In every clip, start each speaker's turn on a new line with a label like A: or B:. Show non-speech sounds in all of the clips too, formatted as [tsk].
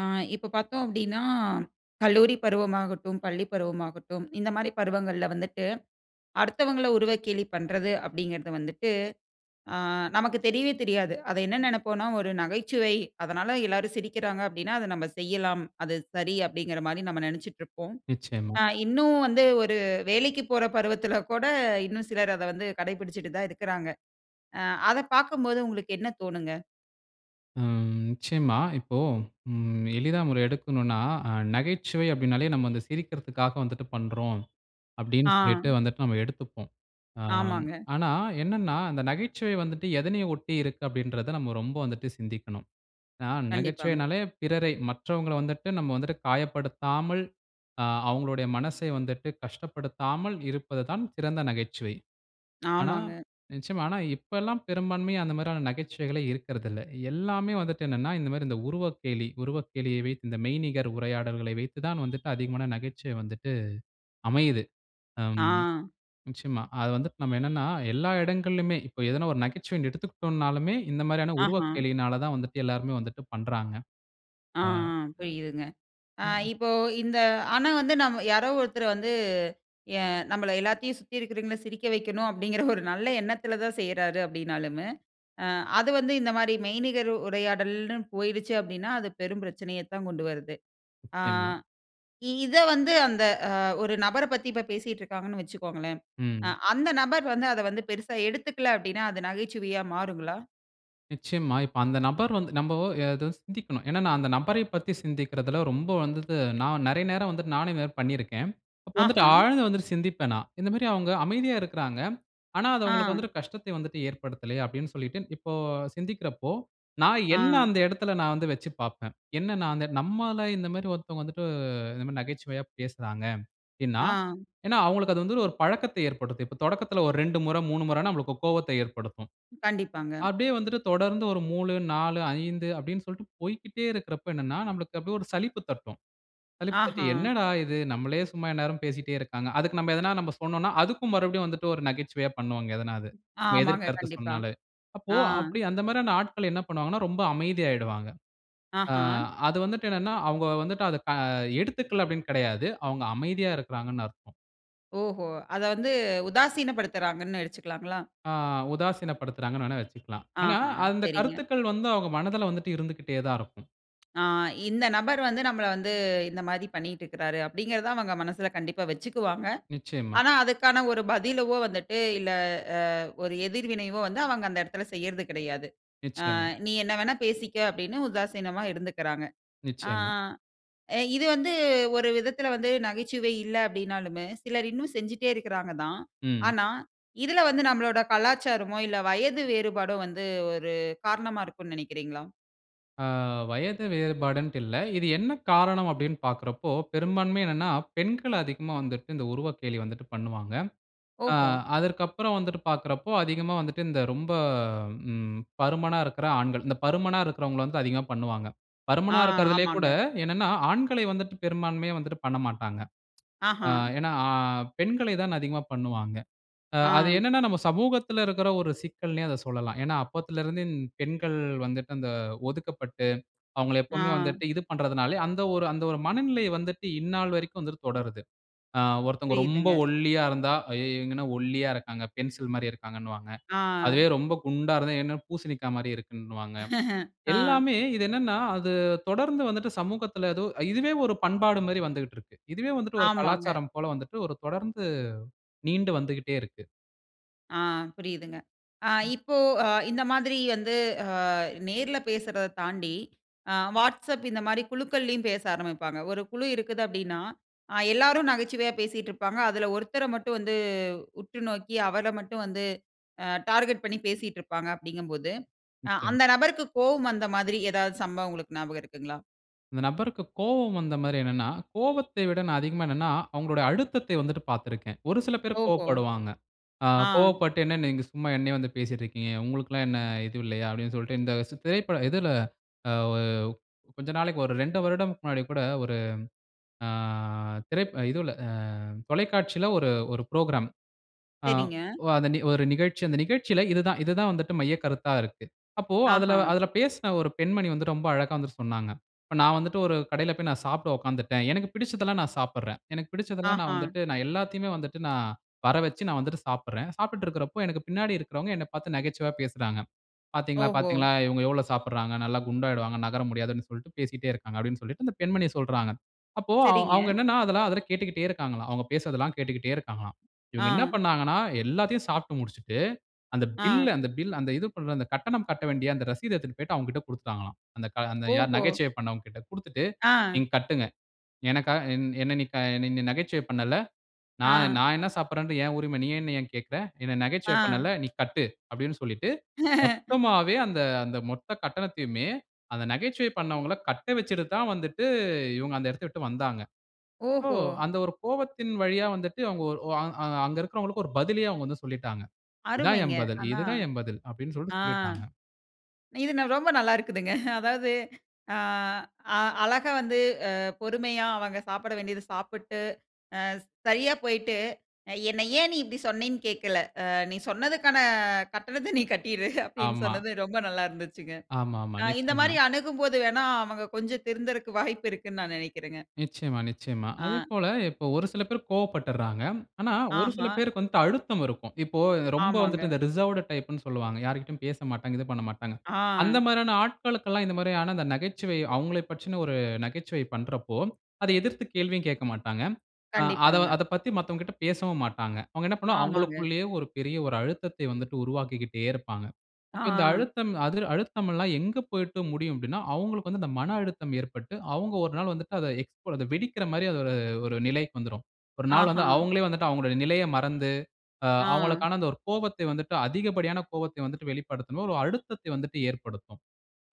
A: ஆ இப்ப பார்த்தோம் [grunts] அப்டின்னா, கல்லூரி பருவமாகட்டும், பள்ளி பருவமாகட்டும், இந்த மாரி பருவங்கள்ல வந்துட்டு அடுத்தவங்கள உருவக்கேலி பண்றது அப்டிங்கிறது வந்துட்டு ஆ நமக்கு தெரியவே தெரியாது. அதை என்ன நெனைப்போன்னா, "ஒரு நகைச்சுவை, அதனால எல்லாரும் சிரிக்கிறாங்க அப்டின்னா, அத நம்ப செய்யலாம். அது சரி." அப்டிங்கிற மாரி நம்ம நெனைச்சுட்டு இருப்போம்.
B: நிச்சயமா.
A: அ இன்னும் வந்து ஒரு வேலைக்குப் போற பருவத்தில கூட இன்னும் சிலர் அத வந்து கடைபிடிச்சுட்டு தான் இருக்குறாங்க. அ அத பார்க்கும்போது உங்களுக்கு என்ன தோணுங்க?
B: ம். நிச்சயமா. இப்போ ம் எளிதா [unintelligible] அ எடுக்கணுனா நகைச்சுவை அப்டின்னாலே நம்ம வந்து சிரிக்கறதுக்காக வந்துட்டு பண்றோம். அப்டின்னு சொல்லிட்டு
A: ஆ.
B: வந்துட்டு நம்ம எடுத்துப்போம். ஆம்,
A: ஆமாங்க.
B: ஆனா என்னன்னா அந்த நகைச்சுவை வந்துட்டு எதனை ஒட்டி இருக்கு அப்டின்றத நம்ம ரொம்ப வந்துட்டு சிந்திக்கணும். ஆ
A: கண்டிப்பாங்க.
B: நகைச்சுவைன்னாலே பிறரை மற்றவங்கள வந்துட்டு நம்ம வந்துட்டு காயப்படுத்தாமல் அ அவங்களுடைய மனசை வந்துட்டு கஷ்டப்படுத்தாமல் இருப்பதுதான் சிறந்த நகைச்சுவை. ஆனா
A: ஆமாங்க.
B: நிச்சயமா. ஆனா, இப்பல்லாம் பெரும்பான்மையா அந்த மாரியான நகைச்சுவைகளே இருக்குறதில்ல. எல்லாமே வந்துட்டு என்னவென்னா இந்த மாரி இந்த உருவக்கேளி உருவக்கேளிய வைத்து இந்த மெய்நிகர் உரையாடல்களை வைத்து தான் வந்துட்டு அதிகமா நகைச்சுவை வந்துட்டு அமையிது. அம்
A: ஆ.
B: நிச்சயமா அது வந்துட்டு நம்ம என்னவென்னா எல்லா இடங்கள்லுமே இப்ப எதுனா ஒரு நகைச்சுவைன் எடுத்துக்கிட்டோம்ன்னாலுமே இந்த மாரியான
A: ஆஹ.
B: உருவக்கேளினால தான் வந்துட்டு எல்லோருமே வந்துட்டு பண்றாங்க.
A: ஆ
B: அ
A: ஆ புரியிதுங்க. ஆ
B: [unintelligible] ம்.
A: இப்போ இந்த ஆனா வந்து நாம யாரோ ஒருத்தர் வந்து ஏ நம்ம எல்லாத்தையும் சுத்தி இருக்கவங்கள சிரிக்க வைக்கணும் [chuckles] அப்டிங்கிற ஒரு நல்ல எண்ணத்தில தான் செய்றாரு அப்டின்னாலுமு அ அது வந்து இந்த மாரி மெய்நிகர் உரையாடல்னு போயிடுச்சு அப்டின்னா, அது பெரும் பிரச்சனையத் தான் கொண்டு வருது. ஆ
B: நிச்சயமா.
A: இத வந்து அந்த ஒரு நபர பத்தி இப்ப பேசிட்டுருக்காங்கன்னு வச்சுக்கோங்களேன். அ
B: ம்.
A: அந்த நபர் வந்து அத வந்து பெரிசா எடுத்துக்கல அப்டின்னா அது நகைச்சுவையா மாறுங்களா?
B: நிச்சயமா. இப்ப அந்த நபர் வந்து நம்போ அதா சிந்திக்கணும். ஏன்னா, நான் அந்த நபரைப் பத்தி சிந்திக்கிறதுல ரொம்ப வந்துது நான் நெறைய நேரம் வந்துட்டு, நானே இதுமாரி பண்ணியிருக்கேன். அப்போ வந்துட்டு
A: ஆஹா.
B: ஆழ்ந்து வந்துட்டு சிந்திப்பேன் நான். இந்த மாரி அவங்க அமைதியா இருக்குறாங்க. ஆனா அது அவங்களுக்கு
A: ஆ.
B: வந்துட்டு கஷ்டத்தை வந்துட்டு ஏற்படுத்தல்லையே! அப்டின்னு சொல்லிட்டு, இப்போ சிந்திக்கிறப்போ, நான்
A: ஆ.
B: என்னை அந்த இடத்துல நான் வந்து வச்சு பார்ப்பேன். என்ன நான் அந்த நம்மள இந்த மாரி ஒருத்தவங்க வந்துட்டு, இந்த மாரி நகைச்சுவையா பேசுறாங்க. அப்டின்னா,
A: ஆ.
B: ஏன்னா அவங்களுக்கு அது வந்து ஒரு பழக்கத்தை ஏற்படுத்தும். இப்ப தொடக்கத்தில ஒரு 2 முறை, 3 முறைன்னா நம்மளுக்கு கோவத்தை ஏற்படுத்தும்.
A: கண்டிப்பாங்க.
B: அப்டியே வந்துட்டு தொடர்ந்து ஒரு மூலு, 4, 5 அப்டின்னு சொல்லிட்டு, போய்க்கிட்டே இருக்கிறப்ப என்னன்னா, நம்மளுக்கு அப்டியே ஒரு சலிப்பு தட்டும். சலிப்பு தட்டி,
A: ஆஹா.
B: என்னடா இது! நம்மலே சும்மா எந்நேரமும் பேசிட்டே இருக்காங்க. அதுக்கு நம்ப எதுனா நம்ப சொன்னோன்னா, அதுக்கும் மறுபடியும் வந்துட்டு, ஒரு நகைச்சுவையா பண்ணுவாங்க. எதனா அது. நம்ம எதிர்
A: ஆமாங்க.
B: கருத்து
A: கண்டிப்பா.
B: சொன்னாலே. அப்போ
A: ஆ.
B: அப்படி அந்த மாரியான ஆட்கள் என்ன பண்ணுவாங்கன்னா, ரொம்ப அமைதியாயிடுவாங்க. ஆ
A: ஆஹா.
B: அது வந்துட்டு என்னன்னா, அவங்க வந்துட்டு அத ஆ எடுத்துக்கல அப்படீன்னு கிடையாது. அவங்க அமைதியா இருக்குறாங்கனு அர்த்தம்.
A: ஓஹோ! அத வந்து உதாசினப்படுத்துறாங்கன்னு வச்சுக்கலாங்களா?
B: ஆ உதாசீனப்படுத்துறாங்கன்னு வேணா வச்சுக்கலாம். ஆனா,
A: ஆஹா.
B: அந்த
A: சரிங்க.
B: கருத்துக்கள் வந்து அவங்க மனதுல வந்துட்டு இருந்துக்கிட்டே தான் இருக்கும். [tsk]
A: ஆ இந்த நபர் வந்து நம்மள வந்து இந்த மாரி பண்ணிட்டு இருக்கிறாரு, அப்டிங்கிறத அவங்க மனசுல கண்டிப்பா வச்சுக்குவாங்க.
B: நிச்சயமா.
A: ஆனா அதுக்கான ஒரு பதிலாவோ வந்துட்டு இல்ல, ஆ ஒரு எதிர்வினைவோ வந்து அவங்க அந்த இடத்தில செய்றது கிடையாது. ஆ
B: நிச்சயமா.
A: நீ என்ன வேணா பேசிக்க அப்படின்னு உதாசீனமா இருந்துக்குறாங்க. ஆ
B: நிச்சயமா.
A: இது வந்து ஒரு விதத்தில வந்து, நகைச்சுவை இல்ல. அப்டின்னாலுமே, சிலர் இன்னும் செஞ்சுட்டே இருக்குறாங்க தான்.
B: ம்.
A: ஆனா இதுல வந்து நம்மளோட கலாச்சாரமோ, இல்ல வயது வேறுபாடோ வந்து ஒரு காரணமா இருக்குன்னு நெனைக்கிறீங்களா?
B: அ வயது வேறுபாடுன்ட்டு இல்ல. இது என்ன காரணம் அப்படினு பார்க்குறப்போ, பெரும்பான்மை என்னனா, பெண்கள் அதிகமா வந்துட்டு, இந்த உருவக்கேலி வந்துட்டு பண்ணுவாங்க. அ
A: ஓஹோ!
B: அதற்கப்புறம் வந்துட்டு பார்க்குறப்போ, அதிகமா வந்துட்டு இந்த ரொம்ப, ம் பருமனா இருக்கிற ஆண்கள், இந்த பருமனா இருக்கிறவங்கள வந்து அதிகமா பண்ணுவாங்க.
A: அ.
B: பருமனா இருக்கிறதிலே கூட
A: ஆமாங்க.
B: என்னனா ஆண்களை வந்துட்டு பெரும்பான்மையா வந்துட்டு பண்ணமாட்டாங்க. [tsk] அ
A: அஹாம்.
B: ஏனா, அ பெண்களை தான் அதிகமா பண்ணுவாங்க, அ அது
A: அ.
B: என்னனா, நம்ம சமூகத்தில இருக்கிற ஒரு சிக்கல்ன்னே அத சொல்லலாம். ஏனா அப்போதிலிருந்து பெண்கள் வந்துட்டு அந்த ஒதுக்கப்பட்டு, அவங்கள எப்போமே
A: அ.
B: வந்துட்டு இது பண்றதுனாலே, அந்த ஒரு அந்த ஒரு மனநிலை வந்துட்டு இந்நாள் வரைக்கும் வந்து தொடருது, அ ஒருத்தங்க ரொம்ப
A: புரியுதுங்க.
B: ஒல்லியா இருந்தா, "அய்யோ இவங்க என்ன ஒல்லியா இருக்காங்க." 'பென்சில் மாதிரி' இருக்கிறாங்கன்னுவாங்க.
A: அ.
B: அதுவே ரொம்ப குண்டா இருந்தா, "என்ன பூசணிக்கா மாதிரி இருக்குன்னுவாங்க."
A: [laughs] அ.
B: எல்லாமே இது என்னனா, அது தொடர்ந்து வந்துட்டு சமூகத்தில எதோ இதுவே ஒரு பண்பாடு மாதிரி வந்துக்கிட்டு இருக்கு. இதுவே வந்துட்டு ஒரு
A: ஆமாங்க.
B: கலாச்சாரம் போல வந்துட்டு, ஒரு தொடர்ந்து, நீண்டு வந்துகிட்டே இருக்கு.
A: அ. புரியுதுங்க. அ
B: ம்.
A: இப்போ, அ இந்த மாதிரி வந்து, அ நேர்ல பேசுறத தாண்டி, அ Whatsapp இந்த மாதிரி குழுக்களிலும் பேச ஆரம்பிப்பாங்க. ஒரு குழு இருக்குது அப்படினா, அ எல்லோரும் நகைச்சுவையா பேசிட்டு இருப்பாங்க, அதில ஒருத்தர மட்டும் வந்து, உற்று நோக்கி அவர மட்டும் வந்து, அ டார்கெட் பண்ணி பேசிட்டுருப்பாங்க, அப்படிங்கும் போது,
B: நிச்சயமா.
A: அந்த நபருக்கு கோபம் வந்த மாதிரி, ஏதாவது சம்பவம் உங்களுக்கு ஞாபகம் இருக்குங்களா?
B: அந்த நபருக்கு கோவம் வந்த மாரி என்னன்னா? கோவத்தை விட அதிகமா என்னன்னா, அவுங்களுடைய அழுத்தத்தை வந்துட்டு பாத்துருக்கேன். ஒரு சில பேர்
A: ஓஹோ!
B: கோவப்படுவாங்க. அ
A: ஆ.
B: "கோவப்பட்டு என்ன நீங்க சும்மா என்னைய வந்து பேசிட்டு இருக்கீங்க. உங்களுக்குல்லாம் என்ன இது இல்லையா?", அப்டின்னு சொல்லிட்டு இந்த, ச திரைப்ப இதுல அ கொஞ்ச நாளைக்கு ஒரு ரெண்டு வருடத்துக்கு முன்னாடி கூட ஒரு, ஆ திரைப் இதுல, அ தொலைக்காட்சில ஒரு, ஒரு புரோகிராம். அ
A: சரிங்க.
B: ஒ அந்த ஒரு நிகழ்ச்சி, அந்த நிகழ்ச்சில இது தான், இது தான் வந்துட்டு மையக்கருத்தா இருக்கு. அப்போ அதுல,
A: ஆஹா.
B: அதுல பேசின ஒரு பெண்மணி வந்து ரொம்ப அழகா வந்து சொன்னாங்க. இப்ப நான் வந்துட்டு, ஒரு கடையில போய் நான் சாப்ட உட்காந்துட்டேன். எனக்கு பிடிச்சதெல்லாம் நான் சாப்பட்றேன். எனக்கு பிடிச்சதெல்லாம் நான்
A: ஆஹா.
B: வந்துட்டு, நான் எல்லாத்தையுமே வந்துட்டு, நான் வர வச்சு நான் வந்துட்டு சாப்புட்றேன். சாப்டுட்டு இருக்கறபோ எனக்கு பின்னாடி இருக்குறவங்க, என்னப் பாத்து நகைச்சுவையா பேசுறாங்க. "பாத்தீங்களா
A: ஓஹோ!
B: பாத்தீங்களா, இவங்க எவ்ளோ சாப்டுறாங்க. நல்லா குண்டாகிடுவாங்க, நகர முடியாது", ன்னு சொல்லிட்டு பேசிக்கிட்டே இருக்காங்க. அப்டின்னு சொல்லிட்டு அந்த பெண்மணிய சொல்றாங்க. அப்போ அவுங்க
A: சரிங்க.
B: என்னன்னா அதெல்லா அதுல கேட்டுக்கிட்டே இருக்காங்களா, அவங்க பேசுறதெல்லாம் கேட்டுக்கிட்டே இருக்காங்களாம். இவங்க என்ன
A: ஆ.
B: பண்ணாங்கன்னா எல்லாத்தையும் சாப்டு முடிச்சுட்டு, அந்த பில்
A: ஆ.
B: அந்த பில் அந்த இது, அந்த கட்டணம் கட்ட வேண்டிய அந்த ரசீத எடுத்துட்டு போயிட்டு அவங்ககிட்ட குடுத்துட்டாங்களாம். அந்த க யார்
A: ஓஹோ!
B: நகைச்சுவை பண்ணவங்ககிட்ட குடுத்துட்டு,
A: அ.
B: "நீங்க கட்டுங்க, எனக்காக என்-என்ன நீ க என்ன நீ நகைச்சுவை பண்ணல,
A: அ.
B: நான்-நான் என்ன சாப்பறது, என் உரிமை நீ என்ன ஏன் கேட்குற? என்ன நகைச்சுவை
A: அ.
B: பண்ணேல. நீ கட்டு.", அப்டின்னு சொல்லிட்டு
A: [chuckles]
B: மொத்தமாவே அந்த, அந்த மொத்த கட்டணத்தையுமே அந்த நகைச்சுவை பண்ணவங்கல கட்ட வச்சுட்டு தான் வந்துட்டு, இவங்க அந்த இடத்த விட்டு வந்தாங்க. சோ
A: ஓஹோ!
B: அந்த ஒரு கோவத்தின் வழியா வந்துட்டு அவங்க, அ அங்க இருக்கறவங்களுக்கு, ஒரு பதிலயே அவுங்க வந்து சொல்லிட்டாங்க. "இதான்
A: அருமைங்க.
B: என் பதில்,
A: ஆனா
B: இது தான் என் பதில்". அப்டின்னு
A: ஆ.
B: சொல்லிட்டு சொல்லிருகாங்க.
A: இது ரொம்ப நல்லா இருக்குதுங்க. அதாவது, அ-அ அழகா வந்து, அ பொறுமையா அவங்க சாப்ட வேண்டியத சாப்பிட்டு, அ சரியா போயிட்டு, அ "என்ன ஏன் நீ இப்டி சொன்னேன் கேட்கல. அ நீ சொன்னதுக்கான கட்டணத்த நீ கட்டிரு", [chuckles] அப்டின்னு
B: ஆமா.
A: சொன்னது ரொம்ப நல்லா இருந்துச்சுங்க.
B: ஆமாமா.
A: அ இந்த
B: நிச்சயமா.
A: மாரி அணுகும்போது வேணா அவங்க கொஞ்சம் திருந்துறதுக்கு வாய்ப்பு இருக்குனு, நான் நினைக்கிறேங்க.
B: நிச்சயமா, நிச்சயமா. அதே
A: அ.
B: போல இப்போ ஒரு சில பேர் கோவப்பட்டறாங்க. ஆனா ஒரு சில
A: ஆஹா!
B: பேருக்கு வந்துட்டு, அழுத்தம் இருக்கும். இப்போ ரொம்ப வந்துட்டு
A: ஆமாங்க.
B: இந்த ரிசர்வ்டு டைப்ன்னு சொல்லுவாங்க. யார்கிட்டயும் பேசமாட்டாங்க, இது பண்ணமாட்டாங்க. அந்த
A: ஆ.
B: மாதிரியான ஆட்களுக்கெல்லாம், இந்த மாரியான நகைச்சுவை அவங்களை பற்றின, ஒரு நகைச்சுவை பண்றப்போ அதை எதிர்த்து கேள்வியும் கேட்க மாட்டாங்க. அ அத
A: கண்டிப்பாங்க.
B: அத பத்தி மத்தவங்ககிட்ட பேசவும் மாட்டாங்க. அவங்க என்ன பண்ணுவாங்க,
A: ஆமாங்க.
B: அவங்களுக்குள்ளேயே ஒரு பெரிய ஒரு அழுத்தத்தை வந்துட்டு உருவாக்கிக்கிட்டே இருப்பாங்க. அப்ப இந்த
A: ஆ.
B: அழுத்தம், அதுல அழுத்தமெல்லாம் எங்க போயிட்டு முடியும் அப்டின்னா, அவங்களுக்கு வந்து, அந்த மன அழுத்தம் ஏற்பட்டு, அவங்க ஒரு நாள் வந்துட்டு அத எக்ஸ் வெடிக்கற மாரி, அ-ஒரு ஒரு நிலைக்கு வந்துரும். ஒரு நாள் வந்து
A: ஆஹா.
B: அவங்களே வந்துட்டு, அவங்களுடைய நிலைய மறந்து, அ
A: ஆ.
B: அவங்களுக்கான அந்த ஒரு கோபத்தை வந்துட்டு அதிகப்படியான கோபத்தை வந்துட்டு வெளிப்படுத்தும். ஒரு அழுத்தத்தை வந்துட்டு ஏற்படுத்தும்.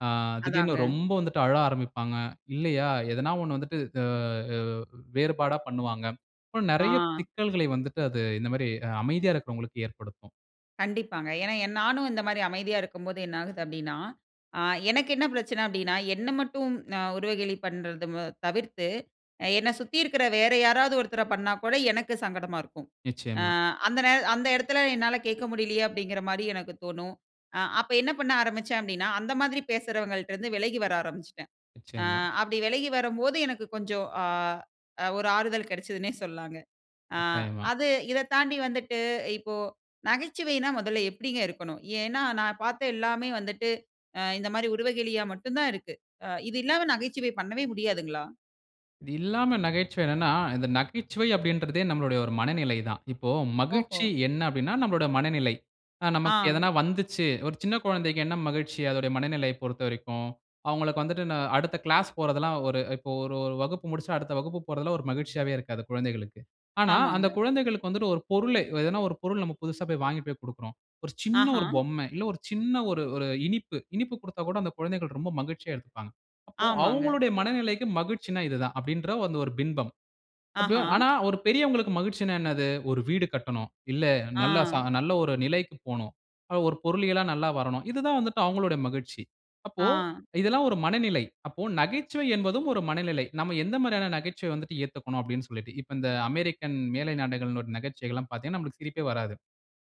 B: ஆ திடீர்னு
A: அதாங்க.
B: ரொம்ப வந்துட்டு அழ ஆரம்பிப்பாங்க இல்லையா? ஏதாவது ஒண்ண வந்துட்டு, அ-அ வேறுபாடா பண்ணுவாங்க. அப்ப நிறைய
A: ஆ.
B: சிக்கல்களை வந்துட்டு அது இந்த மாதிரி, அமைதியா இருக்குறவர்களுக்கு ஏற்படுத்தும்.
A: கண்டிப்பாங்க. ஏனா நானும் இந்த மாதிரி அமைதியா இருக்கும்போது என்ன ஆகுது அப்படினா, ஆ எனக்கு என்ன பிரச்சனை அப்படினா, என்ன மட்டும் உருவகேளி பண்ணுறது தவிர்த்து, என்னை சுத்தி இருக்கிற வேற யாராவது ஒருத்தரை பண்ணா கூட எனக்கு சங்கடமா இருக்கும். ஆ
B: நிச்சயமா.
A: அந்த நே அந்த இடத்தில என்னால கேட்க முடியலையே அப்படின்கிற மாதிரி எனக்கு தோணும். அ அப்ப என்ன பண்ண ஆரம்பிச்சேன் அப்படினா, அந்த மாதிரி பேசுறவங்கள்ட்ட இருந்து விலகி வர ஆரம்பிச்சிட்டேன், அ
B: நிச்சயமா.
A: அப்படி விலகி வரும்போது எனக்கு கொஞ்சம், ஆ ஒரு ஆறுதல் கிடைச்சதுன்னே சொல்லாங்க. ஆ
B: கட்டாயமா.
A: அது இதை தாண்டி வந்துட்டு இப்போ, நகைச்சுவைனா முதல்ல எப்படிங்க இருக்கணும்? ஏனா நான் பார்த்த எல்லாமே வந்துட்டு, இந்த மாதிரி உருவகேளியா மட்டும் தான் இருக்கு, இது இல்லாம நகைச்சுவை பண்ணவே முடியாதுங்களா?
B: இது இல்லாம நகைச்சுவை என்னனா, இந்த நகைச்சுவை அப்படின்றதே நம்முடைய ஒரு மனநிலை தான். இப்போ
A: ஓஹோ!
B: மகிழ்ச்சி என்ன அப்படினா நம்முடைய மனநிலை. ஆ நமக்கு
A: ஆ.
B: எதனா வந்துச்சு, ஒரு சின்ன குழந்தைக்கு என்ன மகிழ்ச்சி அதனுடைய மனநிலையை பொறுத்தவரைக்கும், அவங்களுக்கு வந்துட்டு, அடுத்த கிளாஸ் போறது எல்லாம் ஒரு இப்போ ஒரு ஒரு வகுப்பு முடிச்சா அடுத்த வகுப்பு போறதெல்லாம் ஒரு மகிழ்ச்சியாவே இருக்காது குழந்தைகளுக்கு. ஆனா, அந்த
A: ஆமாங்க.
B: குழந்தைகளுக்கு வந்துட்டு ஒரு பொருள, எதனா ஒரு பொருள் நம்ம புதிசா வாங்கி போய் கொடுக்கிறோம். ஒரு சின்ன
A: ஆஹா.
B: ஒரு பொம்மை, இல்ல ஒரு சின்ன ஒரு ஒரு இனிப்பு இனிப்பு கொடுத்தா கூட அந்த குழந்தைகள் ரொம்ப மகிழ்ச்சியா எடுத்துப்பாங்க. அப்போ
A: ஆமாங்க.
B: அவங்களுடைய மனநிலைக்கு மகிழ்ச்சினா இது தான் அப்படின்றத, அந்த ஒரு பிம்பம்,
A: ஆஹா.
B: அப்படியும் ஆனா, ஒரு பெரியவங்களுக்கு மகிழ்ச்சினா என்னது? "ஒரு வீடு கட்டணும், இல்லை நல்ல ச
A: ஆ.
B: நல்ல ஒரு நிலைக்கு போணும், ஒரு பொருளியலா நல்லா வரணும்," இது தான் வந்துட்டு அவங்களுடைய மகிழ்ச்சி. அப்போ
A: ஆ.
B: இதெல்லாம் ஒரு மனநிலை, அப்போ நகைச்சுவை என்பதும் ஒரு மனநிலை, நாம எந்த மாதிரியான நகைச்சுவை வந்துட்டு ஏத்துக்கணும் அப்படினு சொல்லிட்டு, இப்போ இந்த அமெரிக்கன் மேலை நாடுகளிடைய நகைச்சுவைகள் எல்லாம் பார்த்தீங்கன்னா நமக்கு சிரிப்பே வராது.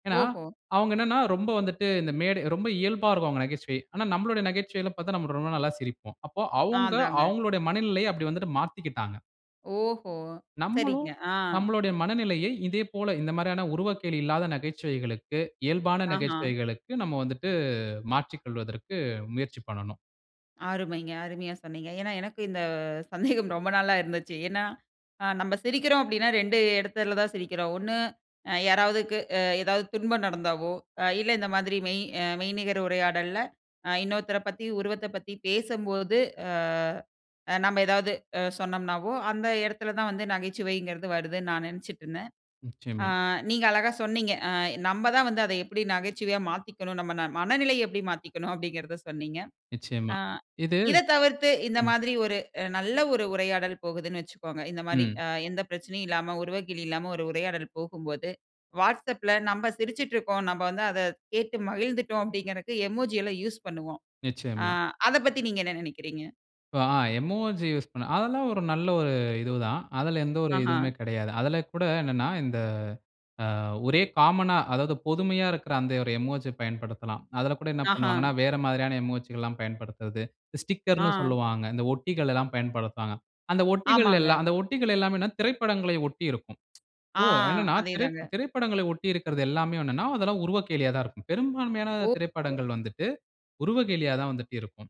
B: ஏனா
A: ஓஹோ!
B: அவங்க என்னனா ரொம்ப வந்துட்டு, இந்த மேடை ரொம்ப இயல்பா இருக்கும் அவங்க நகைச்சுவை, ஆனால் நம்மளுடைய நகைச்சுவையில பார்த்தா நாம் ரொம்ப நல்லா சிரிப்போம், அப்போ
A: ஆ
B: அவங்க
A: அதாங்க.
B: அவங்களுடைய மனநிலையை அப்படி வந்துட்டு மாத்திக்கிட்டாங்க.
A: ஓஹோ!
B: நம்மளும்
A: சரிங்க. ஆ.
B: நம்மளுடைய மனநிலயை இதே போல இந்த மாரியான உருவக்கேலி இல்லாத நகைச்சுவைகளுக்கு இயல்பான
A: ஆஹா.
B: நகைச்சுவைகளுக்கு நம்ம வந்துவிட்டு மாற்றிக் கொள்வதற்கு முயற்சி பண்ணணும்.
A: அருமைங்க. அருமையா சொன்னீங்க. ஏன்னா, எனக்கு இந்த சந்தேகம் ரொம்ப நாளா இருந்துச்சு. ஏன்னா அ நம்ம சிரிக்கிறோம் அப்படின்னா, 2 இடத்துல தான் சிரிக்கிறோம். ஒண்ணு அ யாராவதுக்கு அ எதாவது துன்பம் நடந்தாவோ அ இல்ல இந்த மாதிரி மெய் மெய்நிகர் உரையாடல்ல அ இன்னொருத்தர பத்தி உருவத்த பத்தி பேசும்போது அ நம்ம ஏதாவது சொன்னோம்னாவோ, அந்த இடத்துல தான் வந்து நகைச்சுவைங்கிறது வருதுன்னு நான் நினைச்சிட்டு இருந்தேன். அ
B: நிச்சயமா.
A: நீங்க அழகா சொன்னீங்க. அ நம்ம தான் வந்து அத எப்படி நகைச்சுவையா மாத்திக்கணும் நம்ம ந மனநிலைய எப்படி மாத்திக்கணும் அப்படிங்கிறத சொன்னீங்க.
B: நிச்சயமா,
A: ஆ
B: இது
A: இத தவிர்த்து இந்த
B: ம்.
A: மாரி ஒரு நல்ல ஒரு உரையாடல் போகுதுன்னு வச்சுக்கோங்க. இந்த மாரி
B: ம்.
A: அ எந்த பிரச்சனையும் இல்லாம உருவக்கேலி இல்லாம ஒரு உரையாடல் போகும்போது WhatsAppல நாம சிரிச்சுட்டு இருக்கோம். நம்ம வந்து அத கேட்டு மகிழ்ந்துட்டோம் அப்படிங்கறதுக்கு எமோஜி எல்லாம் யூஸ் பண்ணுவோம். ஆ
B: நிச்சயமா.
A: அத பத்தி நீங்க என்ன நினைக்கிறீங்க?
B: இப்போ அ எமோஜி யூஸ் பண்ண அதெல்லாம் ஒரு நல்ல ஒரு இது தான். அதில எந்த ஒரு
A: ஆஹா.
B: இதுவுமே கிடையாது. அதில கூட என்னன்னா, இந்த அ ஒரே காமனா அதாவது பொதுமையா இருக்கற அந்த ஒரு எமோஜி பயன்படுத்தலாம். அதில கூட என்ன
A: ஆஹா.
B: பண்ணுவாங்கன்னா வேற மாதிரியான எமோஜிகள் எல்லாம் பயன்படுத்துவது, ஸ்டிக்கர்ன்னு
A: ஆ.
B: சொல்லுவாங்க. இந்த ஒட்டிகள் எல்லாம் பயன்படுத்துவாங்க. அந்த ஒட்டிகள்
A: ஆமாங்க.
B: எல்லாம் அந்த ஒட்டிகள் எல்லாமே திரைப்படங்கள ஒட்டி இருக்கும். [tsk]
A: ஆ.
B: ஓ! என்னன்னா,
A: அதே
B: திரை
A: தாங்க.
B: திரைப்படங்கள ஒட்டி இருக்கறது எல்லாமே என்னன்னா, அதெல்லாம் உருவக்கேலியா தான் இருக்கும். பெரும்பான்மையான
A: ஓஹோ!
B: திரைப்படங்கள் வந்துட்டு உருவக்கேலியா தான் வந்துட்டு இருக்கும்.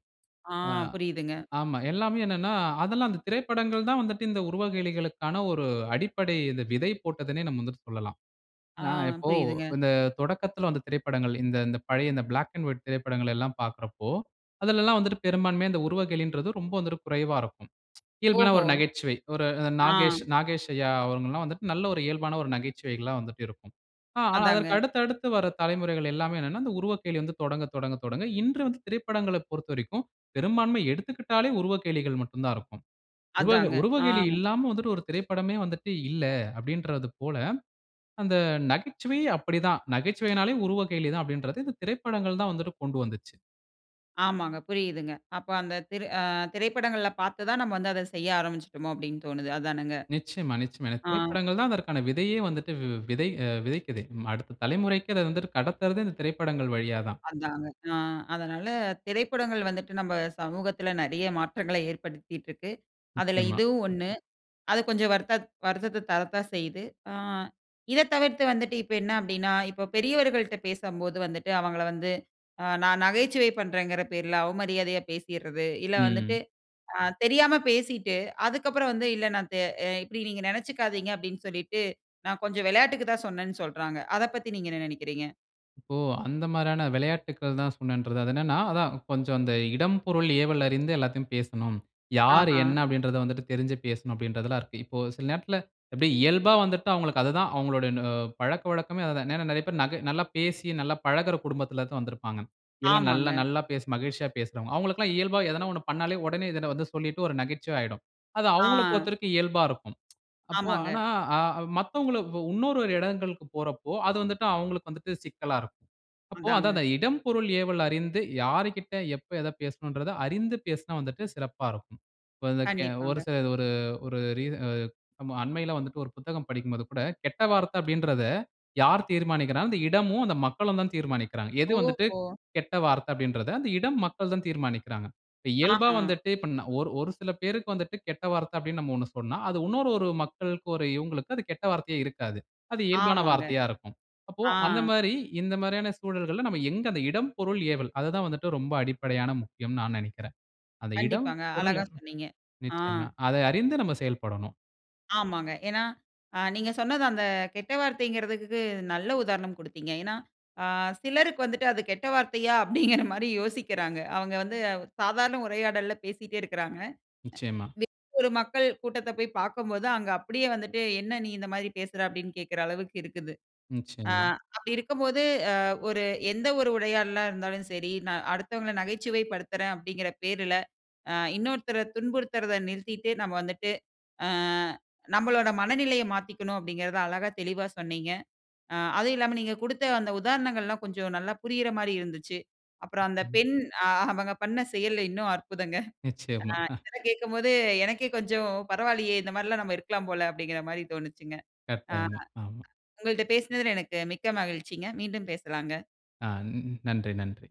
A: ஆ.
B: அ
A: புரியுதுங்க.
B: ஆமா. எல்லாமே என்னன்னா, அதெல்லாம் அந்த திரைப்படங்கள் தான் வந்துட்டு இந்த உருவகேலிகளுக்கான ஒரு அடிப்படை விதை போட்டதுன்னே நாம வந்து சொல்லலாம்.
A: ஆ.
B: எப்படின்னா இப்போ
A: புரியுதுங்க.
B: இந்த தொடக்கத்தில வந்த திரைப்படங்கள், இந்த இந்த பழைய பிளாக் அண்ட் வைட் திரைப்படங்கள் எல்லாம் பார்க்கிறப்போ அதில எல்லாம் வந்துட்டு பெரும்பான்மையா இந்த உருவகேலிங்கறது ரொம்ப வந்துட்டு குறைவா இருக்கும். [tsk] இயல்பான
A: ஓஹோ!
B: ஒரு நகைச்சுவை ஒரு
A: ஆ.
B: நாகேஷ் நாகேஷ் ஐயா அவங்க எல்லாம் வந்துட்டு நல்ல ஒரு இயல்பான ஒரு நகைச்சுவைகளா வந்துட்டு இருக்கும். ஆ அதற்கு
A: அதாங்க.
B: அடுத்து அடுத்து வர தலைமுறைகள் எல்லாமே என்னன்னா, இந்த உருவக்கேலி வந்து தொடங்க தொடங்க தொடங்க இன்று வந்து திரைப்படங்களைப் பொறுத்தவரைக்கும் பெரும்பான்மை எடுத்துக்கிட்டாலே உருவக்கேலிகள் மட்டும் தான் இருக்கும். உவ
A: அதாங்க. ஆ.
B: உருவக்கேலி இல்லாம வந்துட்டு ஒரு திரைப்படமே வந்துட்டு இல்ல அப்படிங்கிறது போல அந்த நகைச்சுவை அப்படி தான். நகைச்சுவைன்னாலே உருவக்கேலி தான் அப்படிங்கிறதை இந்த திரைப்படங்கள் தான் வந்துட்டு கொண்டு வந்துச்சு.
A: ஆமாங்க, புரியுதுங்க. அப்ப அந்த திரை அ திரைப்படள்ல பார்த்து தான் நம்ம வந்து அத செய்ய ஆரம்பிச்சுட்டோமோ அப்படின்னு தோணுது. அதானங்க.
B: நிச்சயமா, நிச்சயமா.
A: அ.
B: திரைப்படங்கள் தான் அதற்கான விதையே வந்துட்டு வி விதை அ விதைக்குது. அடுத்த தலைமுறைக்கு அத வந்துட்டு கடத்துறது, இந்த திரைப்படங்கள் வழியா தான்.
A: அதாங்க. அ அதனால, திரைப்படங்கள் வந்துட்டு நம்ம சமூகத்தில நிறைய மாற்றங்களை ஏற்படுத்திட்டு இருக்கு. அதில
B: நிச்சயமா.
A: இதுவும் 1. அது கொஞ்சம் வருத்த வருத்தத்த தரத்தா செய்யுது. அ இத தவிர்த்து வந்துட்டு இப்ப என்ன அப்படின்னா, இப்ப பெரியவர்கள்ட்ட பேசும்போது வந்துட்டு அவங்கள வந்து அ நான் நகைச்சுவை பண்றேன்ங்கிற பேர்ல அவமரியாதையா பேசிர்றது, இல்ல வந்துட்டு
B: ம்.
A: அ தெரியாம பேசிட்டு, அதுக்கப்புறம் வந்து இல்ல நான் த அ இப்படி நீங்க நினைச்சுக்காதீங்க அப்படின்னு சொல்லீட்டு, நான் கொஞ்சம் விளையாட்டுக்கு தான் சொன்னேன்னு சொல்றாங்க. அத பத்தி நீங்க என்ன நினைக்கிறீங்க?
B: இப்போ, அந்த மாதிரியான விளையாட்டுகள் தான் சொன்னேன்றது. அது என்னன்னா அதான் கொஞ்சம் அந்த "இடம், பொருள், ஏவல்" அறிந்து எல்லாத்தையும் பேசணும். யார்,
A: அஹ.
B: என்ன, அப்படின்றத வந்துட்டு தெரிஞ்சு பேசணும் அப்படின்றதுல்லாம் இருக்கு. இப்போ சில நேரத்தில எப்படி இயல்பா வந்துட்டு அவங்களுக்கு அது தான் அவங்களோட நு பழக்கவழக்கமே அது தான். ஏன்னா நிறைய பேர் நக நல்லா பேசி, நல்லா பழகுற குடும்பத்தில தான் வந்திருப்பாங்க. எல் அ நல்ல
A: ஆமாங்க.
B: நல்லா பேசு மகிழ்ச்ச்சியா பேசுறவங்க. அவங்களுக்கு எல்லாம் இயல்பா ஏதனா 1 பண்னாலே உடனே இத வந்து சொல்லிட்டு, ஒரு நகைச்சுவை ஆயிடும். அது அவங்கள
A: அ.
B: பொறுத்தவரைக்கும் இயல்பா இருக்கும். அப்போ
A: ஆமாங்க.
B: ஆனா, அ மத்தவங்கள இன்னொரு இடங்களுக்கு போறப்போ அது வந்துட்டு அவங்களுக்கு வந்துட்டு சிக்கலா இருக்கும். அப்போ
A: அதாங்க.
B: அதுதான் அந்த "இடம், பொருள், ஏவல்" அறிந்து யாருக்கிட்ட எப்ப எத பேசணும்ன்றத அறிந்து பேசினா வந்துட்டு சிறப்பா இருக்கும். இப்ப இந்த கே ஒரு
A: கண்டிப்பாங்க.
B: சில ஒரு ஒரு ரீச அ-அண்மையில வந்துட்டு ஒரு புத்தகம் படிக்கும்போது கூட "கெட்ட வார்த்தை அப்படின்றத, யார் தீர்மானிக்கிறாங்க அந்த இடமும் அந்த மக்களும் தான் தீர்மானிக்கிறாங்க. எது வந்துட்டு
A: ஓஹோ!
B: கெட்ட வார்த்த அப்படின்றத அந்த இடம், மக்கள் தான் தீர்மானிக்கிறாங்க." இயல்பா
A: அஹ.
B: வந்துட்டு இப்ப ந ஒரு ஒரு சில பேருக்கு வந்துட்டு கெட்ட வார்த்த அப்படின்னு நம்ம 1 சொன்னா, அது இன்னொரு ஒரு மக்களுக்கு ஒரு இவங்களுக்கும் அது கெட்ட வார்த்தையே இருக்காது. அது இயல்பான
A: ஆமாங்க.
B: வார்த்தையா இருக்கும். அப்போ
A: அ.
B: அந்த மாதிரி, இந்த மாதிரியான சூழல்கள்ல நம்ம எங்க அந்த "இடம், பொருள், ஏவல்" அது தான் வந்துட்டு ரொம்ப அடிப்படையான முக்கியம்ன்னு நான் நினைக்கிறேன். அந்த இடம்
A: கண்டிப்பாங்க,
B: பொருள்
A: அழகா சொன்னீங்க. அ.
B: நிச்சயமா அதை அறிந்து நம்ம செயல்படணும்.
A: ஆமாங்க. ஏனா அ நீங்க சொன்னது அந்த கெட்ட வார்த்தைங்கிறதுக்கு நல்ல உதாரணம் கொடுத்தீங்க. ஏன்னா அ சிலருக்கு வந்துட்டு அது கெட்ட வார்த்தையா? அப்படிங்கிற மாரி யோசிக்கிறாங்க. அவங்க வந்து சாதாரண உரையாடல்ல பேசிட்டே இருக்கறாங்க.
B: நிச்சயமா.
A: அ [unintelligible] ஒரு மக்கள் கூட்டத்த போய் பாக்கம்போது, அங்க அப்படியே வந்துட்டு என்ன நீ இந்த மாதிரி பேசுற? அப்படின்னு கேட்கிற அளவுக்கு இருக்குது. அ
B: நிச்சயமா.
A: அப்படி இருக்கும் போது அ ஒரு, எந்த ஒரு உரையாடலா இருந்தாலும் சரி, நான் அடுத்தவங்கள நகைச்சுவை படுத்துறேன் அப்படிங்கிற பேர்ல அ இன்னொருத்தர துன்புறுத்துறுத நிறுத்திட்டு நம்ம வந்துட்டு அ நம்மளோட மனநிலைய மாத்திக்கணும் அப்படிங்கறத அழகா தெளிவா சொன்னீங்க! அ அதுவும் இல்லாம நீங்க கொடுத்த அந்த உதாரணங்கள் எல்லாம் கொஞ்சம் நல்லா புரியற மாதிரி இருந்துச்சு. அப்புறம் அந்த பெண் அவங்க பண்ண செயல்லா இன்னும் அற்புதங்க. அ
B: நிச்சயமா. ஹ.
A: இதெல்லாம் கேட்கும்போது எனக்கே கொஞ்சம், பரவால்லையே! இந்த மாதிரி எல்லாம் நாம இருக்கலாம் போல! அப்படிங்கிற மாதிரி தோணுச்சுங்க. அ
B: கட்டாயமா, ஆமா.
A: உங்ககள்ட்ட பேசுனதுல எனக்கு மிக்க மகிழ்ச்சிங்க. மீண்டும் பேசலாங்க.
B: அ, ன் நன்றி, நன்றி.